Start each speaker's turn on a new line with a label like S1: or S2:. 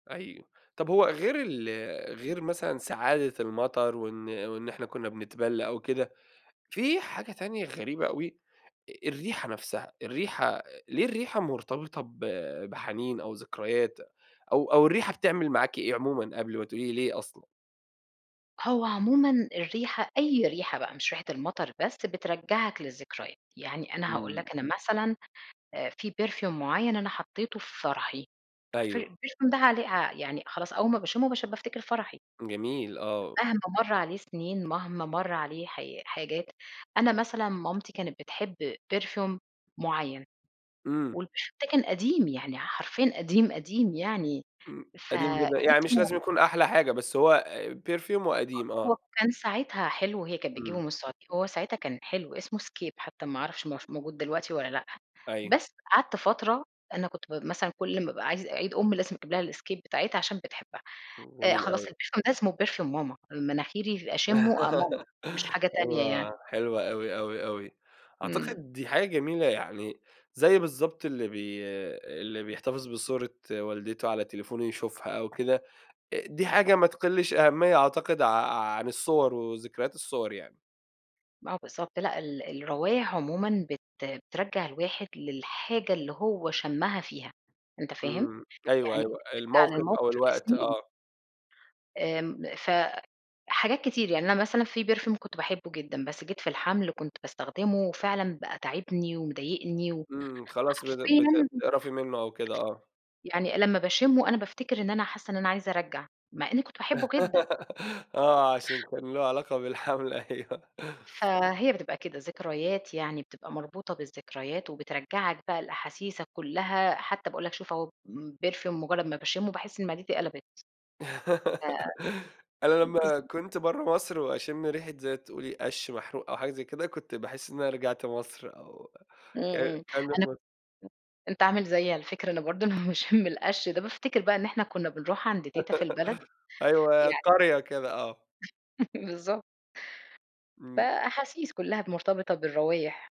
S1: حقيقي، طب هو غير ال غير مثلًا سعادة المطر وإن وإن إحنا كنا بنتبل أو كده، في حاجة تانية غريبة أوي، أ الريحة نفسها، الريحة، ليه الريحة مرتبطة ب بحنين أو ذكريات، أو أو الريحة بتعمل معاكِ إيه عمومًا، قبل ما تقولي لي ليه أصلًا؟
S2: هو عمومًا الريحة، أي ريحة بقى مش ريحة المطر بس، بترجعك للذكريات. يعني أنا هاقول
S1: إمم.
S2: لك، أنا مثلًا آآ فيه Perfume معين أنا حطيته في فرحي، الفر
S1: أيوه.
S2: الperfume ده عليه يعني خلاص، أول ما باشمه باش بافتكر فرحي.
S1: جميل، آه.
S2: مهما مَر عليه سنين، مهما مر عليه حاي حاجات، أنا مثلًا مامتي كانت بتحب perfume معين.
S1: إمم.
S2: والperfume ده كان قديم يعني، حرفيًا قديم قديم يعني،
S1: إمم، قديم
S2: فكان
S1: جدًا، يعني مش
S2: اسمه
S1: لازم يكون أحلى حاجة، بس هو آآ perfume وقديم،
S2: هو
S1: آه.
S2: كان ساعتها حلو، هي كان بتجيبه
S1: إمم.
S2: من السعودية، هو ساعتها كان حلو، اسمه scape، حتى ما أعرفش ما اهوش موجود دلوقتي والّا لأ،
S1: أيوه.
S2: بس قعدت فترة أنا كنت م مثلًا كل ما أبقى عايزة عيد أُم لازم أجيب لها الscape بتاعتها عشان بتحبها.
S1: امم
S2: آآ،
S1: جميل
S2: خلاص
S1: أوي.
S2: الperfume ده اسمه perfume ماما، مناخيري أشمه آآ ماما، مش حاجة تانية يعني.
S1: أيوة، حلو أوي، أوي، أوي،
S2: إمم.
S1: أعتقد دي حاجة جميلة يعني، زي بالضبط اللي بي اللي بيحتفظ بصورة والدته على تليفونه يشوفها أو كده. آآ دي حاجة ما تقلش أهمية أعتقد ع عن الصور وذكريات الصور يعني.
S2: آه بالضبط، لأ، ال الروايح عمومًا بت بترجّع الواحد للحاجة اللي هو شمها فيها، أنت فاهم؟
S1: إمم، أيوه،
S2: يعني
S1: أيوه،
S2: ترجع
S1: الموقف أو
S2: للموقف
S1: الوقت،
S2: لسنين.
S1: آه.
S2: آمم، فحاجات كتير، يعني أنا مثلًا فيه perfume كنت باحبه جدًا، بس جيت في الحمل كنت باستخدمه، وفعلًا بقى تاعبني ومضايقني
S1: إمم، خلاص بت
S2: وحرفيًا
S1: بت بتقرفي منه أو كده، آه.
S2: يعني لما باشمه، أنا بافتكر إن أنا حاسة إن أنا عايزة أرجّع، مع إني كنت باحبه جدًا.
S1: آه، عشان كان له علاقة بالحمل أيوه.
S2: فهي بتبقى كده ذكريات، يعني بتبقى مربوطة بالذكريات، وبترجّعك بقى لأحاسيسك كلها، حتى باقول لك شوف أهو، perfume مجرد ما باشمه باحس إن معدتي قلبت،
S1: أنا
S2: [unintelligible]
S1: لما
S2: بالضب
S1: كنت برا مصر وأشم ريحة زي ما تقولي قشّ محروق أو حاجة زي كده، كنت باحس إن أنا رجعت مصر أو
S2: إمم،
S1: ك
S2: إمم،
S1: كإني
S2: أنا
S1: في مصر.
S2: [unintelligible] أنت عامل زيي على فكرة، أنا برضو لما باشم القش ده بافتكر بقى إن إحنا كنا بنروح عند تيتة في البلد
S1: أيوه،
S2: يع
S1: قرية كده، آه.
S2: بالضبط.
S1: إمم.
S2: فأحاسيس كلها مرتبطة بالروايح.